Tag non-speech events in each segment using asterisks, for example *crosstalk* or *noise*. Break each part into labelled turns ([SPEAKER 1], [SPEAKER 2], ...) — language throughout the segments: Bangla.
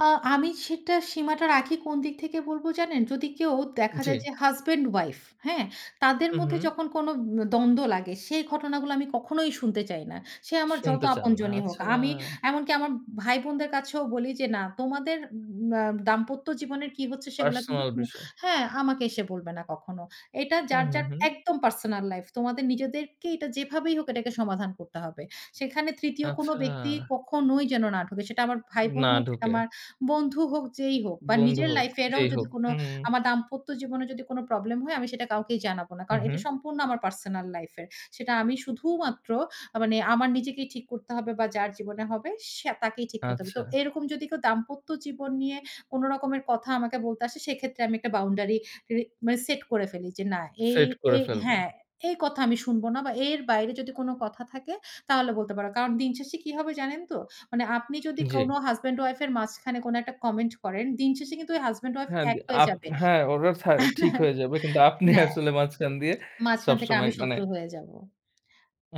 [SPEAKER 1] আ আমি সেটা সীমাটা রাখি কোন দিক থেকে বলব জানেন? যদি কেউ দেখা
[SPEAKER 2] জ্বী।
[SPEAKER 1] যায় যে হাসব্যান্ড উইফ, হ্যাঁ? তাদের
[SPEAKER 2] হুম,
[SPEAKER 1] মধ্যে
[SPEAKER 2] হুম।
[SPEAKER 1] যখন কোন উম দ্বন্দ্ব লাগে, সেই ঘটনাগুলো আমি কখনোই শুনতে চাই না। সে আমার যত
[SPEAKER 2] শুনতে চান না,
[SPEAKER 1] আপনজনী হোক।
[SPEAKER 2] আচ্ছা।
[SPEAKER 1] আমি এমনকি আমার ভাই বোনদের কাছেও বলি যে, "না, তোমাদের উম অ্যা দাম্পত্য জীবনের কি হচ্ছে? সেগুলো কিন্তু
[SPEAKER 2] পার্সোনাল
[SPEAKER 1] তুম
[SPEAKER 2] বিষয়।
[SPEAKER 1] হ্যাঁ, আমাকে এসে বলবে না কখনো। এটা যার,
[SPEAKER 2] হুম, হুম,
[SPEAKER 1] যার
[SPEAKER 2] হুম।
[SPEAKER 1] একদম পার্সোনাল লাইফ। তোমাদের নিজেদেরকে এটা যেভাবেই হোক, এটাকে সমাধান করতে হবে। সেখানে ৩য় কোনো
[SPEAKER 2] আচ্ছা।
[SPEAKER 1] ব্যক্তি কখনোই যেন না ঢোকে।" সেটা আমার ভাই বোন
[SPEAKER 2] না
[SPEAKER 1] হোক,
[SPEAKER 2] ঢোকে।
[SPEAKER 1] আমার বন্ধু হোক, যেই হোক বা
[SPEAKER 2] বন্ধু
[SPEAKER 1] নিজের
[SPEAKER 2] হোক,
[SPEAKER 1] লাইফ এরও
[SPEAKER 2] যেই
[SPEAKER 1] যদি
[SPEAKER 2] হোক। হু, হু, হুম।
[SPEAKER 1] আমার দাম্পত্য জীবনে যদি কোনো প্রবলেম হয়, আমি সেটা কাউকেই জানাবো না।
[SPEAKER 2] হুম,
[SPEAKER 1] কারণ এটা
[SPEAKER 2] হুম।
[SPEAKER 1] সম্পূর্ণ আমার পার্সোনাল লাইফ এর। সেটা আমি শুধুমাত্র, আ মানে আমার নিজেকেই ঠিক করতে হবে বা যার জীবনে হবে সে তাকেই ঠিক করতে হবে।
[SPEAKER 2] আচ্ছা।
[SPEAKER 1] তো এরকম যদি কেউ দাম্পত্য জীবন নিয়ে কোন রকমের কথা আমাকে বলতে আসে, সেক্ষেত্রে আমি একটা বাউন্ডারি ক্রি মানে সেট করে ফেলি, যে না, এই
[SPEAKER 2] সেট
[SPEAKER 1] এ
[SPEAKER 2] করে ফেলবে।
[SPEAKER 1] হ্যাঁ, "এই কথা আমি শুনব না বা এর বাইরে যদি কোনো কথা থাকে, তাহলে বলতে পারো।" কারণ দিনশেষে কি হবে জানেন তো? মানে আপনি যদি
[SPEAKER 2] জ্বি।
[SPEAKER 1] কোন হাসব্যান্ড-উইফ এর মাঝখানে কোন একটা কমেন্ট করেন, দিনশেষে কিন্তু ওই হাসব্যান্ড-উইফ
[SPEAKER 2] হ্যাঁ,
[SPEAKER 1] এক
[SPEAKER 2] দি
[SPEAKER 1] হয়ে
[SPEAKER 2] আপ
[SPEAKER 1] যাবে
[SPEAKER 2] হ্যাঁ, ওরা ছা ঠিক
[SPEAKER 1] *chuckles*
[SPEAKER 2] হয়ে যাবে, কিন্তু আপনি
[SPEAKER 1] হ্যাঁ।
[SPEAKER 2] আসলে মাঝখান দিয়ে
[SPEAKER 1] মাঝখান থেকে আমি
[SPEAKER 2] সবসময় মানে
[SPEAKER 1] শত্রু হয়ে যাব।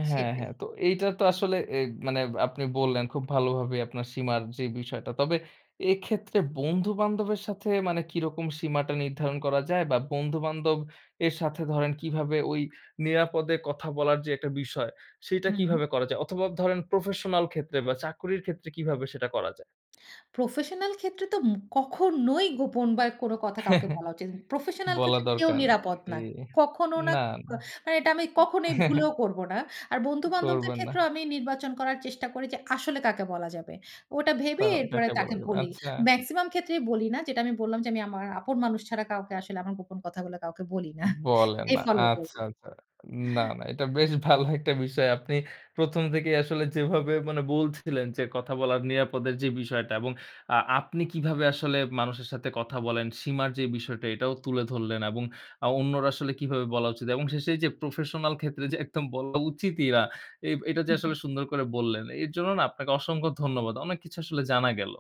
[SPEAKER 2] হ্যাঁ,
[SPEAKER 1] সেটাই।
[SPEAKER 2] হ্যাঁ। তো এইটা তো আসলে এ মানে আপনি বললেন, খুব ভালোভাবে আপনার সীমার যে বিষয়টা। তবে এক্ষেত্রে বন্ধু-বান্ধবের সাথে মানে কিরকম সীমাটা নির্ধারণ করা যায়, বা বন্ধু-বান্ধব এর সাথে ধরেন কিভাবে ওই নিরাপদে কথা বলার যে একটা বিষয়, সেটা
[SPEAKER 1] হুম।
[SPEAKER 2] কিভাবে করা যায়? অথবা ধরেন প্রফেশনাল ক্ষেত্রে বা চাকরির ক্ষেত্রে কিভাবে সেটা করা যায়?
[SPEAKER 1] প্রফেশনাল ক্ষেত্রে তো উম কখনোই গোপন বা কোনো কথা কাউকে বলা
[SPEAKER 2] *chuckles*
[SPEAKER 1] উচিত ন প্রফেশনাল
[SPEAKER 2] বলা
[SPEAKER 1] ক্ষেত্রে কেউ
[SPEAKER 2] দরকার নেই।
[SPEAKER 1] নিরাপদ
[SPEAKER 2] ঠিক।
[SPEAKER 1] না। কখনো না,
[SPEAKER 2] না,
[SPEAKER 1] ক
[SPEAKER 2] না।
[SPEAKER 1] মানে এটা আমি কখনোই ভুলেও
[SPEAKER 2] *chuckles*
[SPEAKER 1] করব না। আর বন্ধু-বান্ধবদের
[SPEAKER 2] করবেন না।
[SPEAKER 1] ক্ষেত্রেও আমি নির্বাচন করার চেষ্টা করি যে, আসলে কাকে বলা যাবে, ওটা ভেবে
[SPEAKER 2] কাও
[SPEAKER 1] এরপরে
[SPEAKER 2] কাকে বলা
[SPEAKER 1] তাকে
[SPEAKER 2] যাবে
[SPEAKER 1] বলি।
[SPEAKER 2] আচ্ছা।
[SPEAKER 1] মেক্সিমাম ক্ষেত্রেই বলি না। যেটা আমি বললাম যে, আমি আমার আপন মানুষ ছাড়া কাউকে আসলে আমার গোপন কথাগুলো কাউকে বলি না।
[SPEAKER 2] বলেন
[SPEAKER 1] এটাই
[SPEAKER 2] না।
[SPEAKER 1] ফলো
[SPEAKER 2] আচ্ছা,
[SPEAKER 1] করি।
[SPEAKER 2] আচ্ছা। না, না, এটা বেশ ভালো একটা বিষয়। আপনি ১ম থেকেই আসলে যেভাবে মানে বলছিলেন যে, কথা বলার নিরাপদের যে বিষয়টা, এবং আ আপনি কিভাবে আসলে মানুষের সাথে কথা বলেন, সীমার যে বিষয়টা এটাও তুলে ধরলেন, এবং আ অন্যরা আসলে কিভাবে বলা উচিত এবং শেষে যে প্রফেশনাল ক্ষেত্রে যে একদম বলা উচিতই না, এইব এটা যে আসলে
[SPEAKER 1] *chuckles*
[SPEAKER 2] সুন্দর করে বললেন, এর জন্য না? আপনাকে অসংখ্য ধন্যবাদ। অনেক কিছু আসলে জানা গেল।